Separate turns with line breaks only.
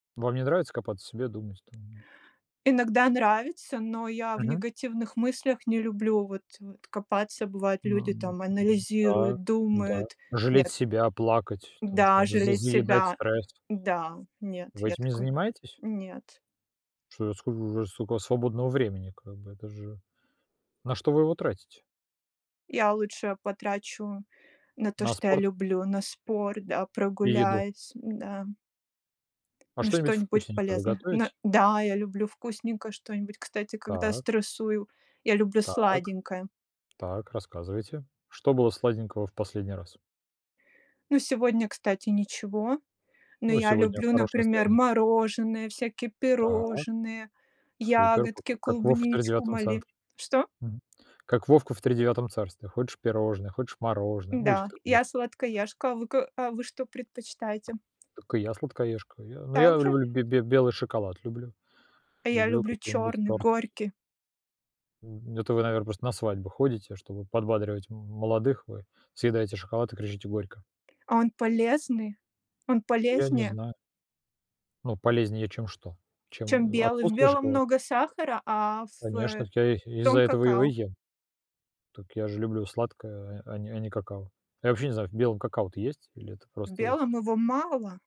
Вам не нравится копаться в себе, думать там?
Иногда нравится, но я в
Мгм.
негативных мыслях не люблю вот, э, копаться. Бывает,
Ну,
люди
ну,
там
ну да,
анализируют,
да,
думают.
жалеть
Нет
себя, плакать, там
Да,
что-нибудь, з
жалеть
заедать
себя.
стресс.
Да, нет,
Вы
я
этим не
такой
занимаетесь?
Нет.
Что ж скол сколько у вас свободного времени как бы это же... На что вы его тратите?
Я лучше потрачу на то,
На
что я
спорт?
люблю: на спорт, да,
И еду?
прогуляюсь, м, да
А
на
что-нибудь
что-нибудь
вкусненькое вы
полезное, на
готовите?
Да! Я люблю вкусненькое что-нибудь, кстати, когда
Так.
стрессую, я люблю
Так.
сладенькое.
Так, рассказывайте. Что было сладенького в последний раз?
Ну сегодня, кстати, ничего. Но
Ну,
я
сегодня
люблю,
хорошее
например:
настроение.
мороженое, всякие
Так.
пирожные,
Супер. Па
ягодки,
как вов в
клубничку,
Тридевятом
мали
центре,
Что?
мгм, как Вовка в Тридевятом царстве: хочешь пирожное, хочешь мороженое. Мультик
Да,
такой
я
был.
сладкоежка, а вы ка а вы что предпочитаете?
Так и я сладкоежка. Я но я
Так же?
люблю, бе бе белый шоколад люблю,
А я
люблю
люблю
какие-нибудь
чёрный,
тортики.
горький.
Мгм, это вы, наверно, просто на свадьбу ходите, чтобы подбадривать м молодых, вы съедаете шоколад и кричите горько.
А он полезный, он
Я не
полезнее
знаю. Ну, полезнее чем что? Чем,
чем
э,
белый. В
отсутствие
белом
шоколада?
много сахара, а в, э,
Конечно, я из-за
том-
этого его и
какао.
ем. Так я же люблю сладкое, а а не а не какао. Я вообще не знаю, в белом какао-то есть или это
В
просто
белом его мало.